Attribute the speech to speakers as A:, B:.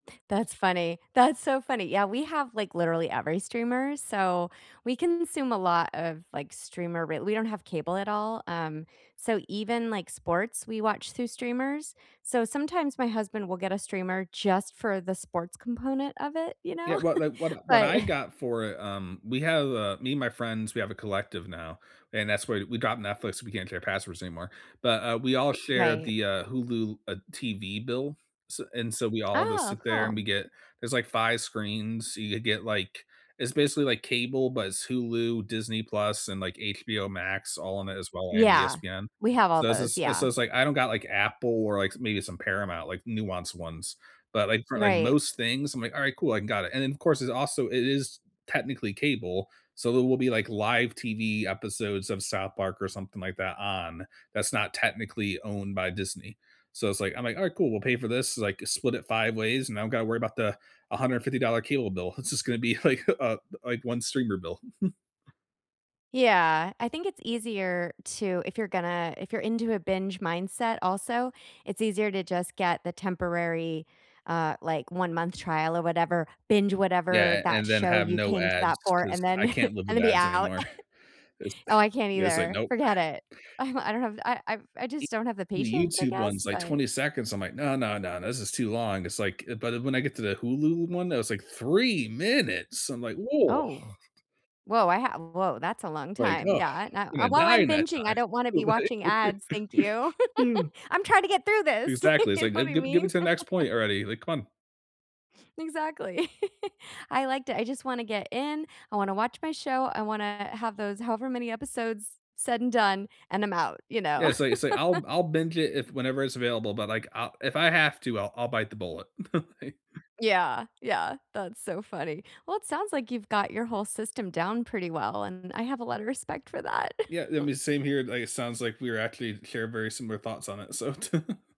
A: That's funny, that's so funny, yeah, we have, like, literally every streamer, so we consume a lot of, like, streamer re we don't have cable at all, um, so even, like, sports, we watch through streamers, so sometimes my husband will get a streamer just for the sports component of it, you know?
B: Yeah, what like, what I what
A: But
B: I got for it, um we have, uh me, my friends, we have a collective now, and that's why we got Netflix we can't share passwords anymore, but, uh, we all share
A: Right.
B: the, uh, Hulu, uh, TV bill. S and so we all just
A: Ah,
B: sit there and
A: cool.
B: we get there's, like, 5 screens, so you could get, like it's basically, like, cable, but it's Hulu, Disney Plus, and, like, HBO Max all in it as well and
A: Yeah,
B: ESPN.
A: we have all
B: So, this
A: those,
B: is and
A: yeah.
B: so it's like, I don't got, like, Apple or, like, s maybe some Paramount, like, nuance ones, but, like, for, like,
A: Right.
B: most things, I'm like, "Alright, cool, I can got it." And then, of course, it's also it is technically cable, so there will be, like, live TV episodes of South Park or something like that on, that's not technically owned by Disney, so it's, like, I'm, like, "Alright, cool, we'll pay for this, like, split it 5 ways, and I don't gotta worry about the $150 cable bill, it's just gonna be, like, uh, th like, one streamer bill.
A: Yeah, I think it's easier to if you're gonna if you're into a binge mindset also, it's easier to just get the temporary, uh, like, one-month trial or whatever, binge whatever
B: Yeah, an
A: that
B: and then
A: show
B: have
A: you
B: no
A: came to
B: ads
A: that for,
B: 'cause
A: and then
B: I can't live
A: and
B: with
A: then be
B: ads
A: out.
B: anymore, it's
A: Oh, I can't
B: Yeah, it's like,
A: either,
B: nope.
A: forget
B: So
A: it. I'm I don't have th I I've I
B: E
A: just don't have the
B: The
A: patience, I
B: YouTube
A: guess,
B: one's, like,
A: but
B: 20 seconds, I'm like, "No, no, no, this is too long." It's like, uh, but, uh, when I get to the Hulu one that was, like, 3 minutes, I'm like, "Woah"
A: Oh. Whoa, I ha uh, whoa, that's a long
B: Like,
A: time,
B: "Ugh,
A: yeah, and I
B: gonna
A: "And while
B: die
A: I'm
B: in that
A: binging, I don't wanna be
B: time."
A: watching ads, thank
B: Right?
A: you, I'm trying to get through this,"
B: Exactly, it's
A: You know
B: like, "The
A: what I
B: Ge get
A: mean?
B: me to the next point already," like, "Come on."
A: Exactly, I like to I just wanna get in, I wanna watch my show, I wanna have those however many episodes said and done, and I'm out, you know.
B: Yeah, say, uh, say, I'll I'll binge it if whenever it's available, but, like, I'll if I have to, I'll I'll bite the bullet.
A: Yeah, yeah, that's so funny, well, it sounds like you've got your whole system down pretty well, and I have a lotta respect for that.
B: Yeah, th me same here, like, it sounds like we're actually share very similar thoughts on it, so